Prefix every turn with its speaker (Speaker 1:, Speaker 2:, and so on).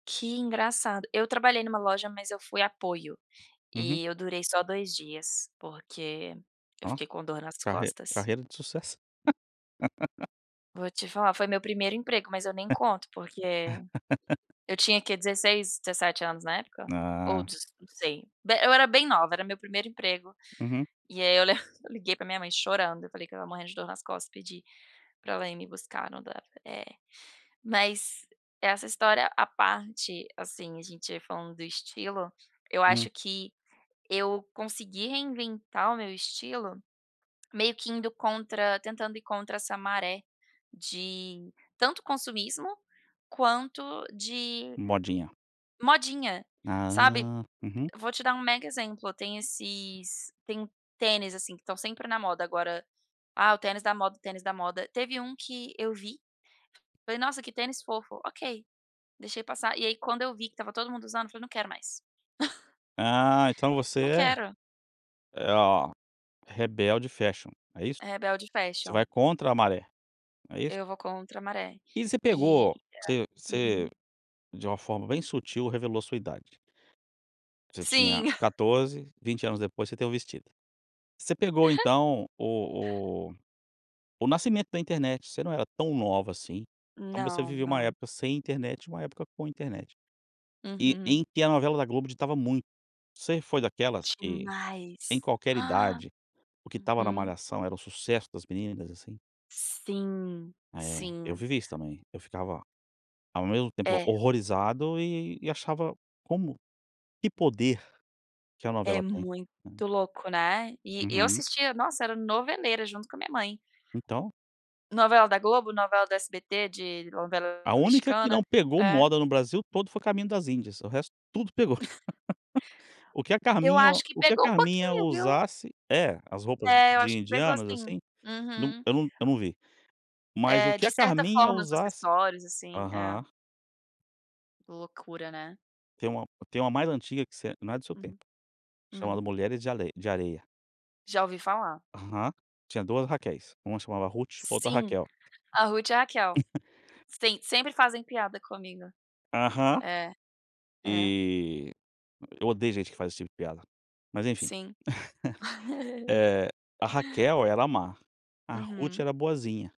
Speaker 1: Que engraçado, eu trabalhei numa loja, mas eu fui apoio,
Speaker 2: Uhum.
Speaker 1: e eu durei só 2 dias, porque eu
Speaker 2: Oh,
Speaker 1: fiquei com dor nas
Speaker 2: carre
Speaker 1: costas.
Speaker 2: carreira de sucesso.
Speaker 1: Vou te falar, foi meu primeiro emprego, mas eu nem conto, porque eu tinha que 16, 17 anos na época, ou
Speaker 2: Ah.
Speaker 1: dezo não sei. Bé eu era bem nova, era meu primeiro emprego,
Speaker 2: Uhum.
Speaker 1: e aí, eu le liguei pra minha mãe chorando, eu falei que estava morrendo de dor nas costas, pedi pra ela ir me buscar, não dava é. Mas essa história, à parte, assim, a gente falando do estilo, eu acho
Speaker 2: Hum.
Speaker 1: que eu consegui reinventar o meu estilo, meio que indo contra tentando ir contra essa maré de tanto consumismo, quanto de
Speaker 2: Modinha.
Speaker 1: modinha, sabe?
Speaker 2: Ah, uhum.
Speaker 1: Vou te dar um mega exemplo, tem esses tem uns tênis, assim, que estão sempre na moda agora: "Ah, o tênis da moda, tênis da moda". Teve um que eu vi, falei: "Nossa, que tênis fofo". Ok. Deixei passar, e aí quando eu vi que estava todo mundo usando, eu falei: "Não quero mais".
Speaker 2: Ah, então
Speaker 1: Não
Speaker 2: você
Speaker 1: quero.
Speaker 2: é é ó rebelde fashion, é isso?
Speaker 1: É rebelde
Speaker 2: Você
Speaker 1: fashion.
Speaker 2: vai contra a maré, não é isso?
Speaker 1: Eu vou contra a maré
Speaker 2: E você
Speaker 1: e e
Speaker 2: pegou você
Speaker 1: a
Speaker 2: você,
Speaker 1: Uhum.
Speaker 2: de uma forma bem sutil, revelou a sua idade. Você tinha
Speaker 1: Sim.
Speaker 2: 14. 20 anos depois você tem o vestido. Você pegou então o o o nascimento da internet, você não era tão nova assim. Então você
Speaker 1: Não,
Speaker 2: viveu uma
Speaker 1: não.
Speaker 2: época sem internet e uma época com internet e
Speaker 1: Uhum.
Speaker 2: em que a novela da Globo ditava muito. Você foi daquelas, que em
Speaker 1: Demais!
Speaker 2: qualquer idade, o que estava na
Speaker 1: Uhum.
Speaker 2: malhação era o sucesso das meninas, assim?
Speaker 1: Sim,
Speaker 2: É, eu
Speaker 1: sim.
Speaker 2: vivi isso também, eu ficava ao mesmo tempo
Speaker 1: É.
Speaker 2: horrorizado e e achava como que poder que a
Speaker 1: É
Speaker 2: novela tem,
Speaker 1: muito
Speaker 2: né.
Speaker 1: louco, né. E eu
Speaker 2: Uhum.
Speaker 1: assistia, nossa, era noveleira junto com a minha mãe.
Speaker 2: Então
Speaker 1: Novela da Globo, novela do SBT de novela
Speaker 2: A única que não
Speaker 1: mexicana
Speaker 2: pegou
Speaker 1: é
Speaker 2: moda no Brasil todo, foi Caminho Das Índias, o resto tudo pegou. O que a
Speaker 1: Eu
Speaker 2: Carminha
Speaker 1: acho que
Speaker 2: o que a
Speaker 1: pegou um
Speaker 2: Carminha
Speaker 1: pouquinho, viu.
Speaker 2: usasse E, as roupas
Speaker 1: É, eu
Speaker 2: de
Speaker 1: acho que pegou
Speaker 2: indianos,
Speaker 1: sim.
Speaker 2: assim Não,
Speaker 1: Uhum.
Speaker 2: eu não eu não vi. Mas o
Speaker 1: Eh,
Speaker 2: que
Speaker 1: de
Speaker 2: a
Speaker 1: certa
Speaker 2: Carminha
Speaker 1: forma, os
Speaker 2: usasse
Speaker 1: acessórios, assim. É.
Speaker 2: Aham.
Speaker 1: Loucura, né?
Speaker 2: Tem uma tem uma mais antiga que você não é do seu tempo,
Speaker 1: Uhum. Hum.
Speaker 2: chamado Mulheres De Alei De Areia.
Speaker 1: Já ouvi falar.
Speaker 2: Aham. Tinha 2 Raquéis, uma chamava Rute, outra
Speaker 1: Sim,
Speaker 2: Raquel.
Speaker 1: a Rute e a Raquel. Sim, sempre fazem piada comigo.
Speaker 2: Aham.
Speaker 1: É. É.
Speaker 2: E odeio eu odeio gente que faz esse tipo de piada. Mas enfim.
Speaker 1: Sim.
Speaker 2: Eh, a Raquel era má, a Rute
Speaker 1: Uhum.
Speaker 2: era boazinha.